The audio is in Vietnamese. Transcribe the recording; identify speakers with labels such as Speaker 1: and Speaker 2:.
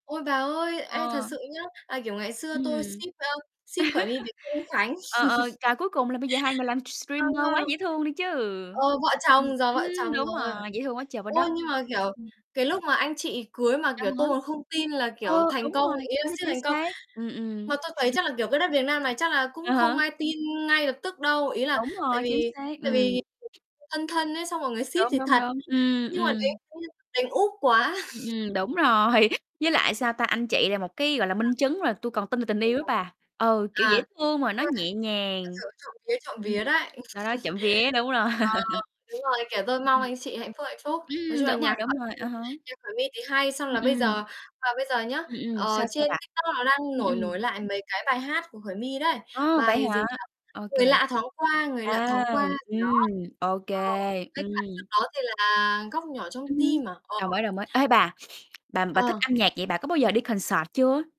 Speaker 1: Ôi, bà ơi, ê, thật
Speaker 2: Ờ.
Speaker 1: sự nhá, là, kiểu, ngày
Speaker 2: Ừm.
Speaker 1: xưa tôi ship, ờ, ship Khởi My với Kelvin Khánh.
Speaker 2: Ờ, ờ, trời, cuối cùng là bây giờ hai người làm
Speaker 1: Ờ.
Speaker 2: streamer quá dễ thương đi chứ.
Speaker 1: Ờ, vợ
Speaker 2: Ừm,
Speaker 1: chồng, giờ
Speaker 2: ừm,
Speaker 1: vợ chồng
Speaker 2: đúng
Speaker 1: rồi.
Speaker 2: rồi, dễ thương quá trời quá
Speaker 1: Ôi,
Speaker 2: đất.
Speaker 1: nhưng mà, kiểu,
Speaker 2: Ừm.
Speaker 1: cái lúc mà anh chị cưới mà,
Speaker 2: À
Speaker 1: kiểu,
Speaker 2: há.
Speaker 1: tôi còn không tin là, kiểu,
Speaker 2: Ừ,
Speaker 1: thành
Speaker 2: đúng
Speaker 1: công,
Speaker 2: rồi,
Speaker 1: ý là
Speaker 2: chính xác,
Speaker 1: ship
Speaker 2: chính
Speaker 1: thành công.
Speaker 2: xác. Ừm, ừm.
Speaker 1: Mà tôi thấy chắc là, kiểu, cái đất Việt Nam này chắc là cũng
Speaker 2: À
Speaker 1: không
Speaker 2: há.
Speaker 1: ai tin ngay lập tức đâu, ý là
Speaker 2: Đúng
Speaker 1: tại
Speaker 2: rồi, chính
Speaker 1: vì
Speaker 2: xác,
Speaker 1: tại
Speaker 2: ừm.
Speaker 1: vì thân thân ấy, xong mọi người ship
Speaker 2: Đúng,
Speaker 1: thì
Speaker 2: đúng,
Speaker 1: thật,
Speaker 2: đúng, ừm,
Speaker 1: nhưng mà
Speaker 2: ừm.
Speaker 1: đánh [unintelligible] đánh úp quá.
Speaker 2: Ừm, ừm, đúng rồi, với lại, sao ta, anh chị là một cái, gọi là,
Speaker 1: À.
Speaker 2: minh chứng rồi, tui còn tin vào tình yêu á
Speaker 1: [unintelligible]
Speaker 2: bà. Ừ, kiểu, dễ
Speaker 1: À.
Speaker 2: thương mà nó
Speaker 1: Ôi.
Speaker 2: nhẹ
Speaker 1: Thật
Speaker 2: nhàng.
Speaker 1: sự trộm vía, trộm
Speaker 2: Ừm,
Speaker 1: vía đấy.
Speaker 2: ta nói trộm vía đúng rồi.
Speaker 1: Ờ, đúng rồi, kiểu, tôi mong
Speaker 2: Ừm.
Speaker 1: anh chị hạnh phúc, hạnh phúc. Nói
Speaker 2: Ừm,
Speaker 1: chung là
Speaker 2: đúng rồi,
Speaker 1: nhạc
Speaker 2: đúng
Speaker 1: Khởi
Speaker 2: rồi,
Speaker 1: My
Speaker 2: à há.
Speaker 1: nhạc Khởi My thì hay, xong
Speaker 2: Ừm,
Speaker 1: là bây
Speaker 2: ừm.
Speaker 1: giờ và bây giờ nhá,
Speaker 2: Ừm, ừm.
Speaker 1: ờ,
Speaker 2: Sao, sao
Speaker 1: trên
Speaker 2: bà?
Speaker 1: TikTok nó đang
Speaker 2: Ừm,
Speaker 1: nổi
Speaker 2: ừm.
Speaker 1: nổi lại mấy cái bài hát của Khởi My đấy,
Speaker 2: Ô, vậy
Speaker 1: bài gì
Speaker 2: hả?
Speaker 1: nhỉ?
Speaker 2: Ô kê.
Speaker 1: "Người Lạ Thoáng Qua", "Người Lạ
Speaker 2: À,
Speaker 1: Thoáng Qua" gì đó.
Speaker 2: ừm, ô kê,
Speaker 1: Ờ, với
Speaker 2: ừm.
Speaker 1: cả trước đó thì là "Góc Nhỏ Trong
Speaker 2: Ừm hưm,
Speaker 1: Tim" à? Ờ.
Speaker 2: đồng ý, đồng ý. Ê, bà, bà bà thích
Speaker 1: Ờ.
Speaker 2: âm nhạc vậy, bà có bao giờ đi concert chưa?